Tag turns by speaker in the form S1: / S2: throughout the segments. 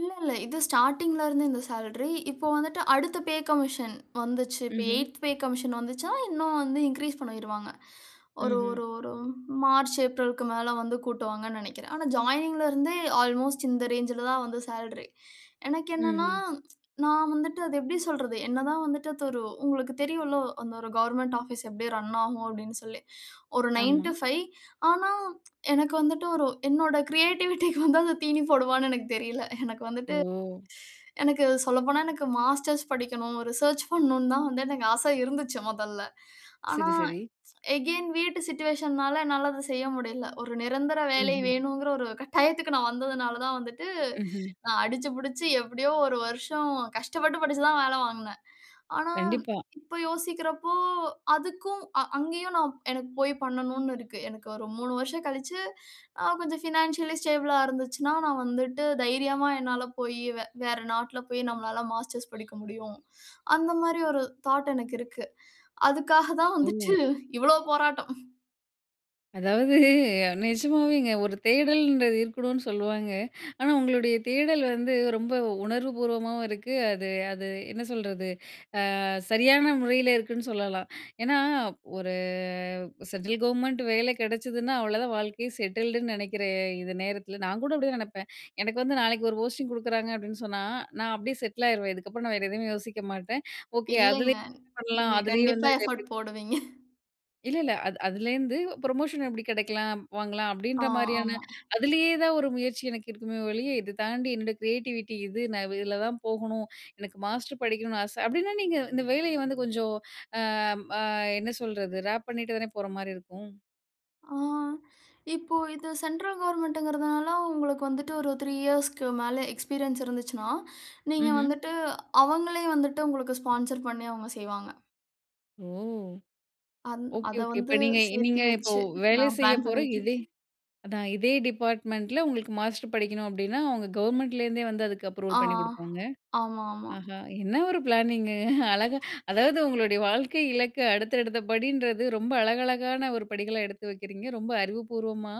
S1: இல்லல்ல. இது ஸ்டார்ட்டிங்ல இருந்து இந்த சேல்ரி. இப்போ வந்துட்டு அடுத்த பே கமிஷன் வந்துச்சு. இப்போ
S2: ம்ஹ்ம்.
S1: 8த் பே கமிஷன் வந்துச்சுன்னா, இன்னும் வந்து இன்கிரீஸ் பண்ணிருவாங்க. ஒரு
S2: ம்ஹ்ம்.
S1: ஒரு ஒரு மார்ச், ஏப்ரல்க்கு மேல வந்து கூட்டுவாங்கன்னு நெனைக்கிறேன். ஆனா, ஜாயினிங்ல இருந்தே அல்மோஸ்ட் இந்த ரேஞ்சுல தான் வந்து சேல்ரி. எனக்கு என்னனன்னா,
S2: ம்ஹ்ம்.
S1: நான் வந்துட்டு அத எப்டி சொல்றது? என்னதான் வந்துட்டு அது ஒரு உங்களுக்கு தெரியுல்ல, அந்த ஒரு கவர்ன்மென்ட் ஆபீஸ் எப்டி ரன்னாகும் அப்டின்னு சொல்லி, ஒரு நைன்
S2: ஆமா.
S1: டு ஃபைவ் ஆனா, எனக்கு வந்துட்டு ஒரு என்னோட கிரியேட்டிவிட்டிக்கு வந்து அது தீனி போடுமான்னு எனக்கு தெரியல. எனக்கு வந்துட்டு
S2: ஓ!
S1: எனக்கு சொல்லப்போனா, எனக்கு மாஸ்டர்ஸ் படிக்கணும். ரிசர்ச் பண்ணணும்னு தான் வந்து எனக்கு ஆச இருந்துச்சு, மொதல்ல. ஆனா,
S2: சரி, சரி.
S1: அகைன் வீட்டு சிட்யூயேஷன்னால என்னால அத செய்ய முடியல. ஒரு நிரந்தர வேலை
S2: ம்ஹ்ம்.
S1: வேணுங்குற ஒரு கட்டாயத்துக்கு நான் வந்ததுனால தான் வந்துட்டு,
S2: ம்ஹ்ம்.
S1: நான் அடிச்சு புடிச்சு எப்டியோ 1 வருஷம் கஷ்டப்பட்டு, படிச்சு தான் வேல வாங்கினே. ஆனா,
S2: கண்டிப்பா.
S1: இப்போ யோசிக்கிறப்போ அதுக்கும் அ அங்கயும் நான் எனக்கு போய் பண்ணணும்ன்னு இருக்கு. எனக்கு ஒரு 3 வருஷம் கழிச்சு அ கொஞ்சம் பினான்சியலி ஸ்டேபிள்ளா இருந்துச்சுன்னா, நான் வந்துட்டு தைரியமா என்னால போய் வே வேற நாட்ல போய் நம்மலால மாஸ்டர்ஸ் படிக்க முடியும். அந்த மாரி ஒரு தாட் எனக்கு இருக்கு. அதுக்காக தான்
S2: ஓ!
S1: வந்துட்டு இவ்வளோ போராட்டம்.
S2: அதாவது, நெஜமாவேங்க. ஒரு தேடல்ன்றது இருக்கணும்னு சொல்லுவாங்க. ஆனா, உங்களுடைய தேடல் வந்து ரொம்ப உணர்வு பூர்வமாவும் இருக்கு. அது அது என்ன சொல்றது அ சரியான முறையில இருக்குன்னு சொல்லலாம். ஏனா, ஒரு சென்ட்ரல் கவர்மெண்ட் வேல கெடச்சதுன்னா, அவ்வளோதான் வாழ்க்கையே செட்டில்டுன்னு நெனைக்கிற இந்த நேரத்தில நான் கூட அப்டிதான் நெனப்பேன். எனக்கு வந்து நாளைக்கு ஒரு போஸ்டிங் குடுக்குறாங்க அப்டின்னு சொன்னா, நான் அப்டியே செட்லாயிருவேன். இதுக்கப்புறம் நான் வேற எதுவுமே யோசிக்க மாட்டேன். ஓகே
S1: இல்லைங்க.
S2: அதுலேயும் என்ன பண்ணலாம்?
S1: நீங்க
S2: அதுலேயே வந்து
S1: கண்டிப்பா எஃபோர்ட்
S2: எப்டி
S1: போடுவீங்க.
S2: இல்லல்ல. அது அதுலேருந்து ப்ரமோஷன் எப்டி கெடைக்கலாம்? வாங்கலாம்.
S1: ஆ,
S2: அப்டீன்ற மாரியான
S1: ஆமா.
S2: அதுலயே தான் ஒரு முயற்சி எனக்கு இருக்குமே ஒழிய, இத தாண்டி என்னோட கிரியேட்டிவிட்டி இது, நான் இதில தான் போகணும். எனக்கு மாஸ்டர் படிக்கணும்னு ஆச அப்டின்னா, நீங்க இந்த வேலைய வந்து கொஞ்சம் ஆ ஆ என்ன சொல்றது? ரேப் பண்ணிட்டு தானே போற மாரி இருக்கும்.
S1: ஆ. இப்போ இது சென்ட்ரல் கவர்ன்மென்ட்ங்கிறனால உங்களுக்கு வந்துட்டு ஒரு 3 இயர்ஸ்க்கு மேல எக்ஸ்பீரியன்ஸ் இருந்துச்சுனா, நீங்க
S2: ம்ஹ்ம்.
S1: வந்துட்டு அவங்களே வந்துட்டு உங்களுக்கு ஸ்பான்சர் பண்ணி அவங்க செய்வாங்க.
S2: ஓ!
S1: அந்
S2: ஓகே,
S1: அத
S2: ஓகே. இப்ப
S1: வந்து
S2: நீங்க
S1: சேர்த்தி
S2: நீங்க இப்போ
S1: வெச்சு
S2: வேலை
S1: நான்
S2: செய்ய
S1: பிளான்
S2: போற இதே
S1: பண்ணீட்டிருக்கேன்.
S2: அதான் இதே டிபார்ட்மெண்டில உங்களுக்கு மாஸ்டர் படிக்கணும். அப்டினா, அவங்க கவர்மெண்ட்லேருந்தே வந்து அதுக்கு அப்ரூவல்
S1: ஆ.
S2: பண்ணிக் குடுப்பாங்க.
S1: ஆமாமா.
S2: ஆஹா! என்ன ஒரு பிளானிங் அழகா அதாவது உங்களுடைய வாழ்க்கை இலக்க அடுத்த அடுத்த படின்றது ரொம்ப அழகழகான 1 படிகள எடுத்து வக்கிறீங்க. ரொம்ப அறிவுபூர்வமா,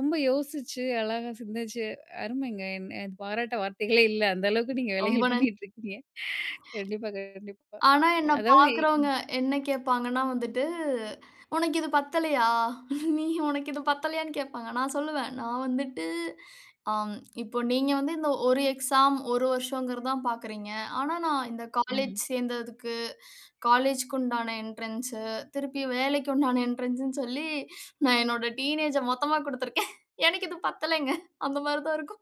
S2: ரொம்ப யோசிச்சு, அழகா சிந்திச்சு. அருமைங்க! எ பாராட்ட வார்த்தைகளே இல்ல! அந்த அளவுக்கு நீங்க
S1: ரொம்ப
S2: வேலைகள்
S1: நன்
S2: பண்ணீட்டு இருக்கீங்க. கண்டிப்பா, கண்டிப்பா.
S1: ஆனா, என்ன
S2: அதாவது
S1: பார்க்கறவங்க
S2: ம்.
S1: என்ன கேட்பாங்கன்னா, வந்துட்டு உனக்கு இது பத்தலையா? நீ உனக்கு இது பத்தலையான்னு கேட்பாங்க. நான் சொல்லுவேன். நான் வந்துட்டு ஆ இப்போ நீங்க வந்து இந்த 1 எக்ஸாம் 1 வருஷங்கிறது தான் பார்க்கிறீங்க. ஆனா, நான் இந்த
S2: ம்ஹ்ம்.
S1: காலேஜ் சேர்ந்ததுக்கு, காலேஜ்க்குண்டான என்ட்ரன்ஸ் திருப்பி வேலைக்கு உண்டான என்ட்ரன்ஸ்ன்னு சொல்லி நான் என்னுடைய டீனேஜ மொத்தமா குடுத்திருக்கேன். எனக்கு இது பத்தலங்க. அந்த மாரி தான் இருக்கும்.